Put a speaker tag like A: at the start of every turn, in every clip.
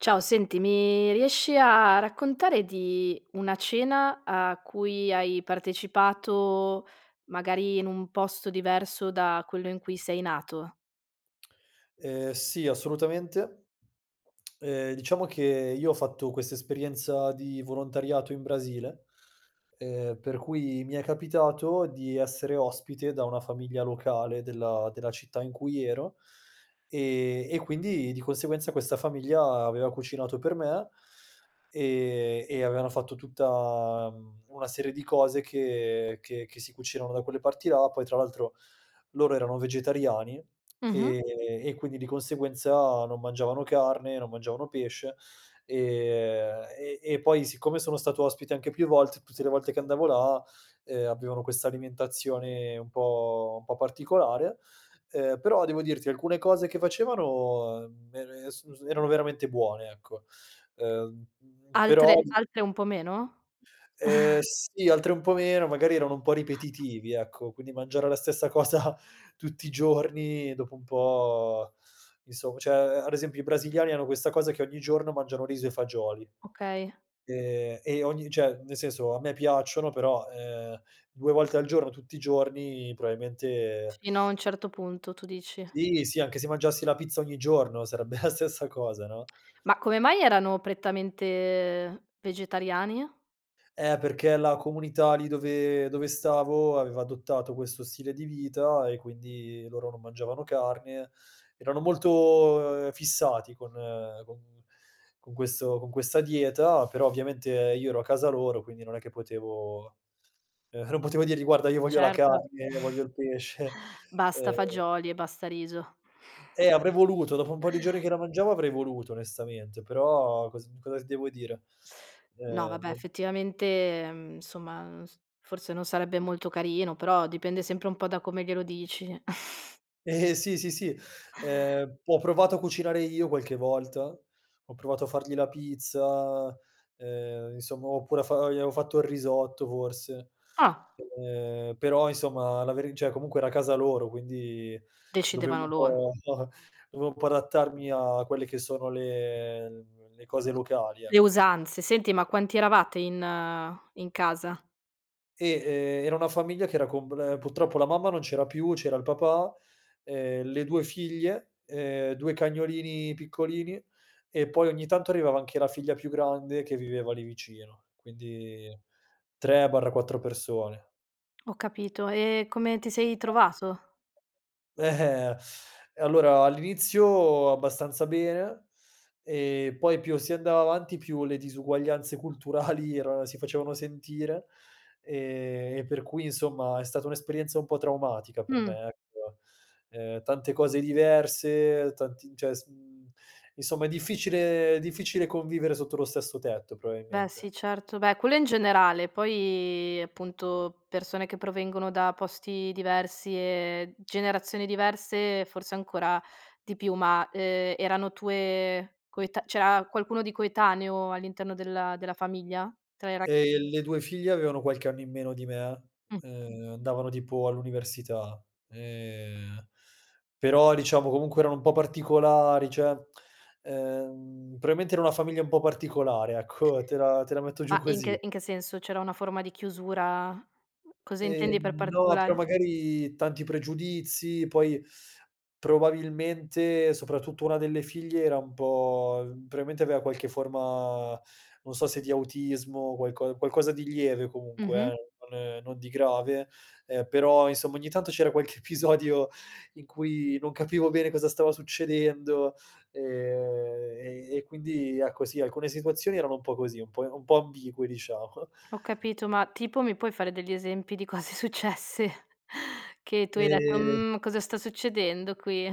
A: Ciao. Senti, mi riesci a a raccontare di una cena a cui hai partecipato, magari in un posto diverso da quello in cui sei nato?
B: Ehm, sì, assolutamente. Ehm, diciamo che io ho fatto questa esperienza di volontariato in Brasile, ehm, per cui mi è capitato di essere ospite da una famiglia locale della della città in cui ero, e e quindi di conseguenza questa famiglia aveva cucinato per me e e avevano fatto tutta, mhmm, una serie di cose che che che si cucinano da quelle parti là. Poi tra l'altro loro erano vegetariani e
A: Mh-mh.
B: e quindi di conseguenza non mangiavano carne, non mangiavano pesce, e e e poi siccome sono stato ospite anche più volte, tutte le volte che andavo là, ehm, avevano questa alimentazione un po un po' particolare, uhm, però devo dirti alcune cose che facevano me es su erano veramente buone, ecco. Uhm, però
A: Altre altre un po' meno?
B: Ehm, sì, altre un po' meno, magari erano un po' ripetitivi, ecco, quindi mangiare la stessa cosa tutti i giorni dopo un po', insomm cioè, ad esempio i brasiliani hanno questa cosa che ogni giorno mangiano riso e fagioli
A: Okay.
B: e e ogni cioè, nel senso, a me piacciono, però, ehm, 2 volte al giorno tutti i giorni probabilmente
A: Fino a un certo punto, tu dici.
B: Sì, sì. Anche se mangiassi la pizza ogni giorno sarebbe la stessa cosa, no?
A: Ma come mai erano prettamente vegetariani?
B: Eh, perché la comunità lì dove dove stavo aveva adottato questo stile di vita e quindi loro non mangiavano carne, erano molto, uhm, fissati con con con questo con questa dieta, però ovviamente io ero a casa loro quindi non è che potevo, ehm, non potevo dirgli: “Guarda, io voglio la
A: Certo.
B: carne, voglio il pesce”,
A: Basta
B: ehm
A: fagioli e basta riso.
B: Eh, avrei voluto. Dopo un po' di giorni che la mangiavo avrei voluto onestamente, però cos cosa ti devo dire?
A: No
B: Ehm,
A: vabbè,
B: no
A: effettivamente, ehm, insomma, ns forse non sarebbe molto carino, però dipende sempre un po' da come glielo dici.
B: Ehm, sì, sì, sì, ehm, ho provato a cucinare io qualche volta, ho provato a fargli la pizza, ehm, insomma, ho pure fa o gli avevo fatto il risotto forse,
A: Ah.
B: ehm, però insomma la veri cioè, comunque era casa loro, quindi dovevo
A: Decidevano
B: un
A: loro.
B: po un po dovevo un po' adattarmi a quelle che sono le le cose locali,
A: Le
B: ecco.
A: usanze. Senti, ma quanti eravate in in casa?
B: Eh, ehm, era una famiglia che era com ehm, purtroppo la mamma non c'era più, c'era il papà, ehm, le 2 figlie, ehm, 2 cagnolini piccolini e poi ogni tanto arrivava anche la figlia più grande, che viveva lì vicino, quindi 3/4 persone.
A: Ho capito e come ti sei trovato?
B: Eh-eh. Eh, allora all'inizio abbastanza bene e poi più si andava avanti, più le disuguaglianze culturali erano si facevano sentire, ehm, e per cui insomma è stata un'esperienza un po' traumatica per
A: Mh.
B: me, ecco. Ehm, tante cose diverse, tanti cioè, s mhmm, insomma, è difficile è difficile convivere sotto lo stesso tetto
A: Beh
B: probabilmente.
A: sì, certo, beh quello in generale. Poi appunto persone che provengono da posti diversi e generazioni diverse forse ancora di più, ma, ehm, erano tue coeta c'era qualcuno di coetaneo all'interno della della famiglia? Tra le ra
B: Ehm, le 2 figlie avevano qualche anno in meno di me,
A: Mh.
B: uhm, andavano tipo all'università, ehm, però diciamo comunque erano un po' particolari, cioè ehm, probabilmente era una famiglia un po' particolare, ecco, te la te la metto giù
A: Ma in
B: così.
A: che in che senso? C'era una forma di chiusura? Cosa intendi per
B: Ehm, no, però
A: particolare?
B: magari tanti pregiudizi, poi probabilmente soprattutto una delle figlie era un po probabilmente aveva praticamente aveva qualche forma non so se di autismo, qualco qualcosa di lieve comunque,
A: Mh-mh.
B: eh, non non di grave, eh, però insomma ogni tanto c'era qualche episodio in cui non capivo bene cosa stava succedendo, ehm, e e quindi ecco sì, alcune situazioni erano un po' così, un po' i un po' ambigue, diciamo.
A: Ho capito, ma tipo mi puoi fare degli esempi di cose successe che tu hai detto:
B: Ehm
A: "Mhmm, cosa sta succedendo qui?"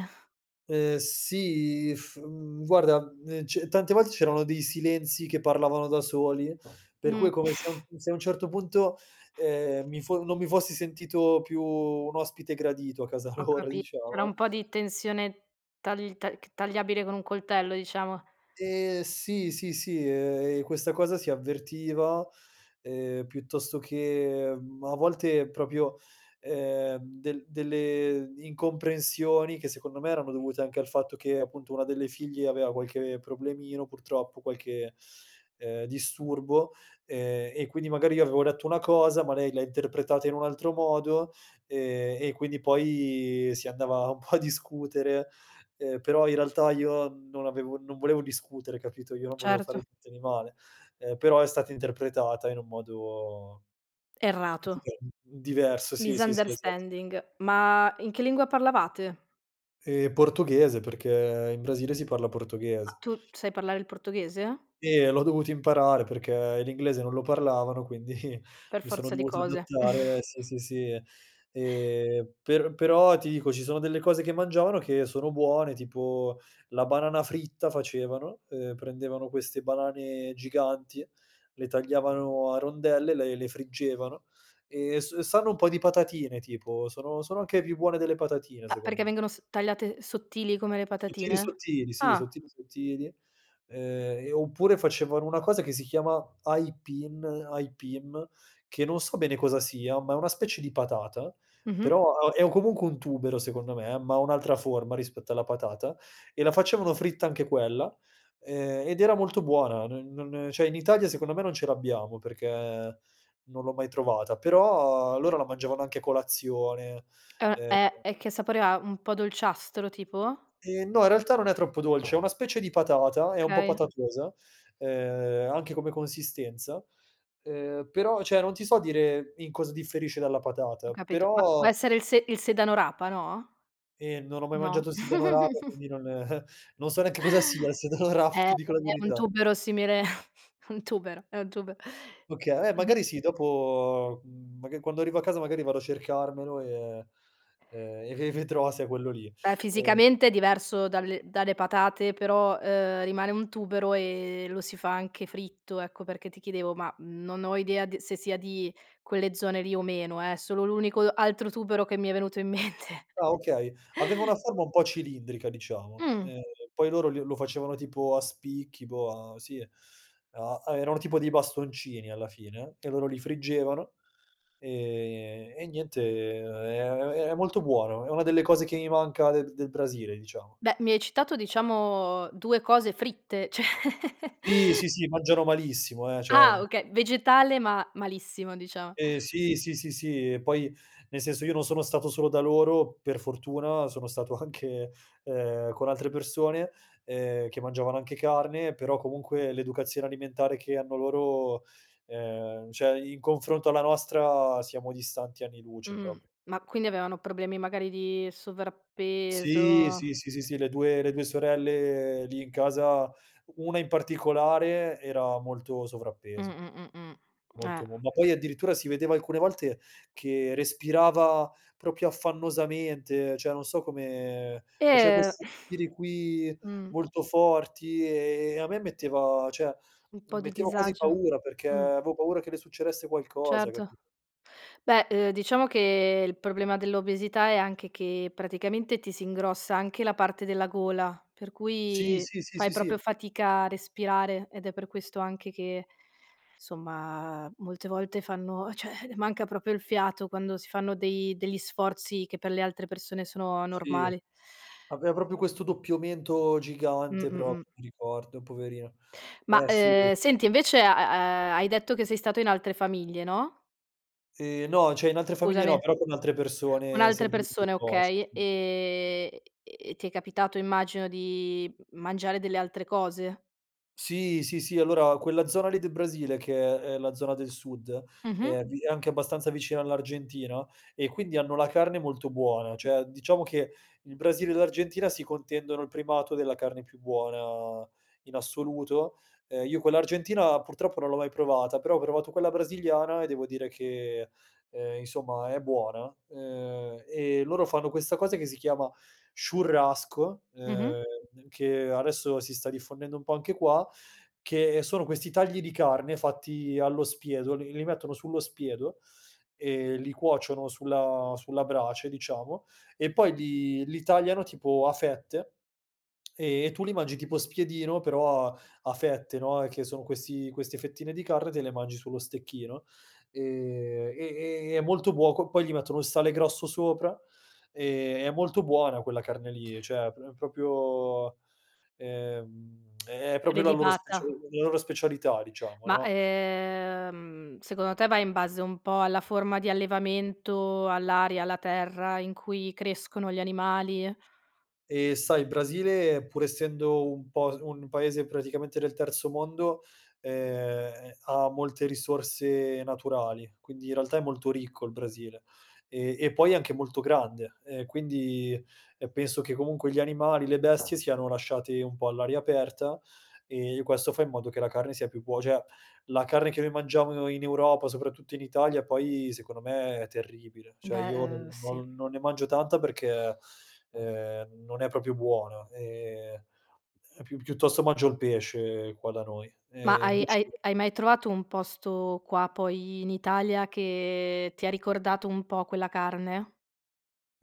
B: Uhm, sì, mhmm, guarda, mhmm, ce tante volte c'erano dei silenzi che parlavano da soli, per cui
A: Mh.
B: è come se a un se a un certo punto, ehm, mi fo non mi fossi sentito più un ospite gradito a casa
A: Ho
B: loro,
A: capit c'era un
B: diciamo
A: po' di tensione tagl ta c tagliabile con un coltello, diciamo.
B: Ehm, sì, sì, sì, ehm, e questa cosa si avvertiva, ehm, piuttosto che, mhmm, a volte proprio, ehm, del delle incomprensioni che secondo me erano dovute anche dal fatto che appunto una delle figlie aveva qualche problemino purtroppo, qualche, ehm, disturbo, ehm, e quindi magari io avevo detto una cosa ma lei l'ha interpretata in un altro modo, ehm, e quindi poi si andava un po' a discutere, ehm, però in realtà io non avevo non volevo discutere, capito? Io non volevo fare
A: Certo.
B: niente di male, ehm, però è stata interpretata in un modo
A: Errato.
B: dive diverso, sì, sì, sì, esatto.
A: Misunderstanding. Ma in che lingua parlavate?
B: Ehm, portoghese, perché in Brasile si parla
A: Ma
B: portoghese.
A: tu sai parlare il portoghese?
B: Sì, e l'ho dovuto imparare perché l'inglese non lo parlavano, quindi
A: Per
B: mi sono
A: forza di
B: dovuto
A: cose.
B: adattare, sì, sì, sì, ehm, per però ti dico, ci sono delle cose che mangiavano che sono buone, tipo la banana fritta facevano, ehm, prendevano queste banane giganti, le tagliavano a rondelle, le le friggevano e s sanno un po' di patatine, tipo, sono sono anche più buone delle patatine
A: Ma
B: secondo
A: perché
B: me.
A: vengono s tagliate sottili come le
B: Sottili,
A: patatine?
B: sottili, sì,
A: Ah.
B: sottili, sottili, ehm, e oppure facevano una cosa che si chiama aipin aipim che non so bene cosa sia, ma è una specie di patata,
A: Mh-mh.
B: però ha è o comunque un tubero secondo me, ma ha un'altra forma rispetto alla patata e la facevano fritta anche quella, ehm, ed era molto buona. Non non cioè, in Italia secondo me non ce l'abbiamo perché non l'ho mai trovata, però loro la mangiavano anche a colazione,
A: Uhm
B: ehm
A: ehm e che sapore ha? Un po' dolciastro, tipo?
B: Ehm, no. In realtà non è troppo dolce è una specie di patata, è un po'
A: Okay.
B: patatosa, ehm, anche come consistenza, ehm, però cioè non ti so dire in cosa differisce dalla
A: Ho
B: patata,
A: capito ma può
B: però
A: essere il se il sedano rapa, no?
B: Ehm, non ho mai mangiato
A: No?
B: il sedano rapa, quindi non non so neanche cosa sia il sedano rapa,
A: È
B: ti dico la
A: è un
B: verità.
A: tubero simile un tubero è un tuber
B: Okay, eh,
A: [unintelligible]
B: magari sì. Dopo, mhmm, maga quando arrivo a casa magari vado a cercarmelo e e e ve e vedrò
A: Em
B: se è quello lì,
A: beh,
B: ehm
A: fisicamente è diverso dalle dalle patate, però, uhm, rimane un tubero e lo si fa anche fritto, ecco. Perché ti chiedevo, ma non ho idea d se sia di quelle zone lì o meno, eh, è solo l'unico altro tubero che mi è venuto in mente.
B: Ah, okay, aveva una forma un po' cilindrica, diciamo,
A: Mh.
B: ehm, poi loro le lo facevano tipo a spicchi, boh, sì, a erano tipo dei bastoncini alla fine, e loro li friggevano, ehm, e niente, è è è molto buono, è una delle cose che mi manca del del Brasile, diciamo.
A: Beh, mi hai citato diciamo 2 cose fritte cioè
B: Sì, sì, sì, mangiano malissimo, eh, cioè
A: Ah okay. Vegetale ma malissimo, diciamo.
B: Ehm, sì, sì, sì, sì, e poi nel senso io non sono stato solo da loro, per fortuna sono stato anche, ehm, con altre persone, ehm, che mangiavano anche carne, però comunque l'educazione alimentare che hanno loro, ehm, cioè in confronto alla nostra siamo distanti anni luce
A: Mh.
B: proprio.
A: Ma quindi avevano problemi magari di
B: Sì,
A: sovrappeso.
B: sì, sì, sì, sì, le due le 2 sorelle lì in casa, 1 in particolare, era molto sovrappeso,
A: Mh-mh, mh-mh. Eh.
B: molto, mo ma poi addirittura si vedeva alcune volte che respirava proprio affannosamente, cioè non so come faceva
A: Eh
B: questi respiri qui
A: Mh.
B: molto forti e e a me metteva cioè,
A: Un po' di
B: metteva quasi
A: disagio.
B: paura perché
A: Mh.
B: avevo paura che le succedesse qualcosa, cap
A: Certo, beh, uhm, diciamo che il problema dell'obesità è anche che praticamente ti si ingrossa anche la parte della gola, per
B: Sì,
A: cui
B: sì, sì, sì,
A: fai proprio
B: sì.
A: fatica a respirare ed è per questo anche che, somma, molte volte fanno cioè le manca proprio il fiato quando si fanno dei degli sforzi che per le altre persone sono
B: Sì.
A: normali.
B: Aveva proprio questo doppio mento gigante,
A: Mh-mh, mh.
B: proprio mi ricordo, poverina.
A: Ma,
B: Eh, sì.
A: ehm, senti, invece ha ha hai detto che sei stato in altre famiglie, no?
B: Ehm, no. Cioè, in altre famiglie no,
A: Scusami.
B: però con altre
A: Con
B: persone
A: altre
B: sempre lì del
A: persone,
B: posto,
A: okay,
B: sì.
A: ehm, e ti è capitato immagino di mangiare delle altre cose?
B: Sì, sì, sì, allora quella zona lì del Brasile, che è la zona del sud,
A: Mh-mh.
B: è di è anche abbastanza vicina all'Argentina e quindi hanno la carne molto buona. Cioè diciamo che il Brasile e l'Argentina si contendono il primato della carne più buona in assoluto, ehm, io quella argentina purtroppo non l'ho mai provata, però ho provato quella brasiliana e devo dire che, ehm, insomma, è buona, uhm, e loro fanno questa cosa che si chiama "churrasco",
A: Mh-mh.
B: uhm, che adesso si sta diffondendo un po' anche qua, che sono questi tagli di carne fatti allo spiedo, li li mettono sullo spiedo e li cuociono sulla sulla brace, diciamo, e poi li li tagliano tipo a fette e tu li mangi tipo spiedino, però a a fette, no. E che sono questi queste fettine di carne, te le mangi sullo stecchino e e e è molto buo poi gli mettono il sale grosso sopra, ehm, è molto buona quella carne lì. Cioè, p è proprio, ehm, è è proprio la loro specia
A: Prelibata.
B: la loro specialità, diciamo,
A: Ma,
B: no?
A: ehm, secondo te va in base un po' alla forma di allevamento, all'aria, alla terra in cui crescono gli animali?
B: Eh, sai, il Brasile, pur essendo un po' s un paese praticamente del terzo mondo, ehm, ha molte risorse naturali, quindi in realtà è molto ricco il Brasile. Ehm, e poi è anche molto grande, ehm, quindi, ehm, penso che comunque gli animali, le bestie siano lasciate un po' all'aria aperta e questo fa in modo che la carne sia più buo cioè, la carne che noi mangiamo in Europa, soprattutto in Italia poi, secondo me è terribile, cioè
A: Beh,
B: io
A: uhm,
B: non
A: sì.
B: non non ne mangio tanta perché, ehm, non è proprio buona, ehm, e pi piuttosto mangio il pesce qua da noi.
A: Ma
B: E
A: hai
B: invece
A: hai hai mai trovato un posto qua poi in Italia che ti ha ricordato un po' quella carne?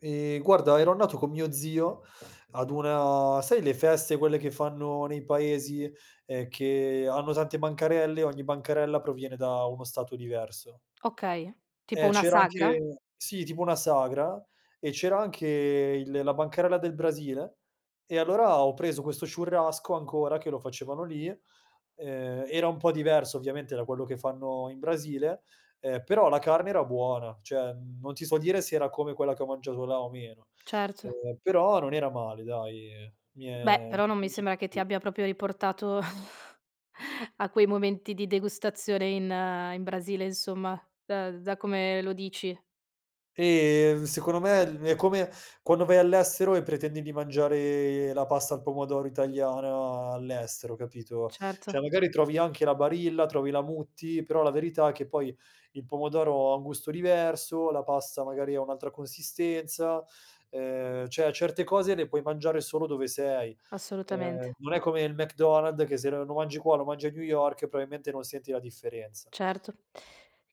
B: Ehm, guarda ero andato con mio zio ad una sai le feste, quelle che fanno nei paesi? Ehm, che hanno tante bancarelle, ogni bancarella proviene da uno stato diverso.
A: Okay, tipo
B: Eh,
A: una
B: c'era
A: sagra?
B: anche sì, tipo una sagra, e c'era anche il la bancarella del Brasile e allora ho preso questo churrasco ancora, che lo facevano lì, ehm, era un po' diverso ovviamente da quello che fanno in Brasile, ehm, però la carne era buona. Cioè non ti so dire se era come quella che ho mangiato là o meno,
A: Certo.
B: ehm, però non era male, dai, mi
A: Beh,
B: è mi
A: però
B: è
A: non mi sembra che ti
B: piaciut
A: abbia proprio riportato a quei momenti di degustazione in in Brasile insomma, da da come lo dici.
B: Ehm, secondo me il è come quando vai all'estero e pretendi di mangiare la pasta al pomodoro italiana all'estero, capito? Cioè
A: Certo.
B: magari trovi anche la Barilla, trovi la Mutti, però la verità è che poi il pomodoro ha un gusto diverso, la pasta magari ha un'altra consistenza, ehm, cioè certe cose le puoi mangiare solo dove sei. Ehm,
A: Assolutamente.
B: non è come il McDonald's che se lo lo mangi qua, lo mangi a New York, probabilmente non senti la differenza.
A: Certo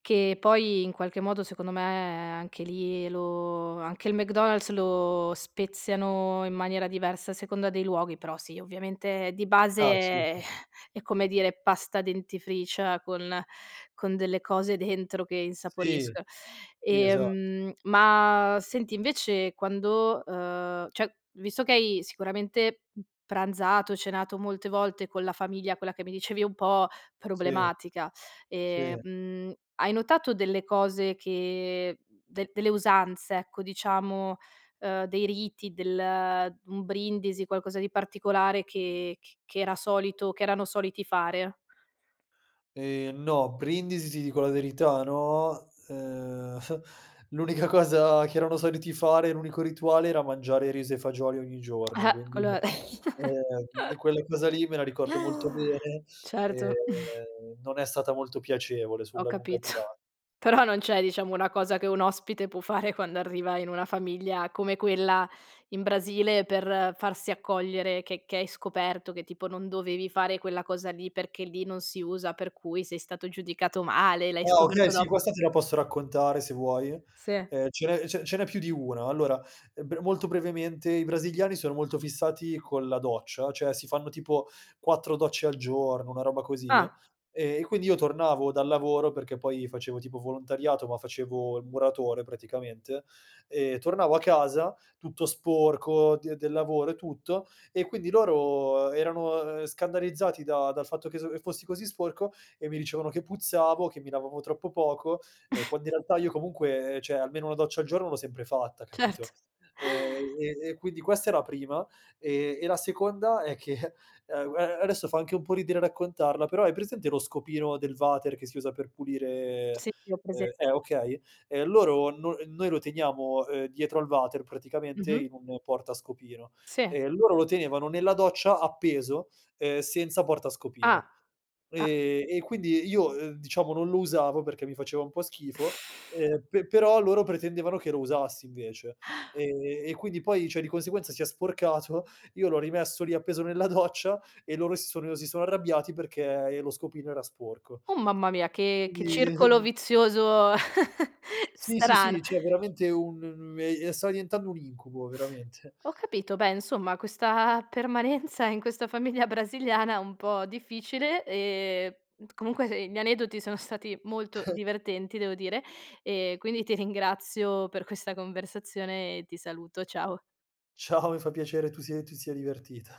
A: che poi in qualche modo, secondo me, anche lì lo anche il McDonald's lo speziano in maniera diversa a seconda dei luoghi, però sì, ovviamente di base
B: Ah, sì,
A: è
B: sì
A: è, come dire, pasta dentifricia con con delle cose dentro che
B: Sì.
A: insaporiscono.
B: Sì, esatto.
A: Ehm, ma senti invece quando, uhm, cioè visto che hai sicuramente p pranzato, cenato molte volte con la famiglia, quella che mi dicevi un po'
B: Sì.
A: problematica, ehm,
B: Sì.
A: mhmm, hai notato delle cose che de delle usanze, ecco, diciamo, ehm, dei riti, del un brindisi, qualcosa di particolare che c che era solito che erano soliti fare?
B: Ehm, no, brindisi ti dico la verità no. Ehm, l'unica cosa che erano soliti fare, l'unico rituale, era mangiare riso e fagioli ogni giorno,
A: Eh-eh
B: quindi,
A: quello è
B: ehm, quella cosa lì me la ricordo molto bene,
A: certo.
B: ehm, non è stata molto piacevole
A: Ho
B: sulla lunga
A: capito.
B: durat
A: Però non c'è, diciamo, una cosa che un ospite può fare quando arriva in una famiglia come quella in Brasile per farsi accogliere, che che hai scoperto che tipo non dovevi fare quella cosa lì perché lì non si usa, per cui sei stato giudicato male e l'hai
B: Ah,
A: scoperto
B: okay, sì,
A: dop
B: questa te la posso raccontare se vuoi,
A: Se.
B: ehm, ce n'è ce ce n'è più di 1. Allora, bre molto brevemente, i brasiliani sono molto fissati con la doccia, cioè si fanno tipo 4 docce al giorno, una roba così,
A: Ah.
B: e quindi io tornavo dal lavoro, perché poi facevo tipo volontariato ma facevo il muratore praticamente, ehm, tornavo a casa tutto sporco d del lavoro e tutto e quindi loro erano, ehm, scandalizzati da dal fatto che s che fossi così sporco e mi dicevano che puzzavo, che mi lavavo troppo poco, ehm, quando in realtà io comunque, ehm, cioè almeno 1 doccia al giorno l'ho sempre fatta,
A: Certo.
B: capito? Ehm, e e quindi questa è la prima. E e la seconda è che, guar adesso fa anche un po' ridere raccontarla, però hai presente lo scopino del vater che si usa per pulire
A: Sì. Ho
B: uhm
A: presen
B: eh, okay, ehm, loro no noi lo teniamo, ehm, dietro al vater, praticamente
A: Mh-mh.
B: in un portascopino,
A: Sì.
B: e loro lo tenevano nella doccia appeso, uhm, senza portascopino.
A: Ah. Ah
B: Ehm, e quindi io, ehm, diciamo, non lo usavo perché mi faceva un po' schifo, ehm, pe però loro pretendevano che lo usassi invece, ehm, e quindi poi, cioè, di conseguenza si è sporcato, io l'ho rimesso lì appeso nella doccia e loro si sono si sono arrabbiati perché e lo scopino era sporco,
A: Uh, mamma mia! Che che circolo
B: quindi
A: vizioso
B: Sì, sì, sì,
A: strano.
B: cioè veramente un me ehm, stava diventando un incubo, veramente.
A: Ho capito. Beh, insomma, questa permanenza in questa famiglia brasiliana è un po' difficile, ehm Comunque gli aneddoti sono stati molto divertenti, devo dire, e quindi ti ringrazio per questa conversazione e ti saluto. Ciao.
B: Ciao, mi fa piacere tu sia ti sia divertita.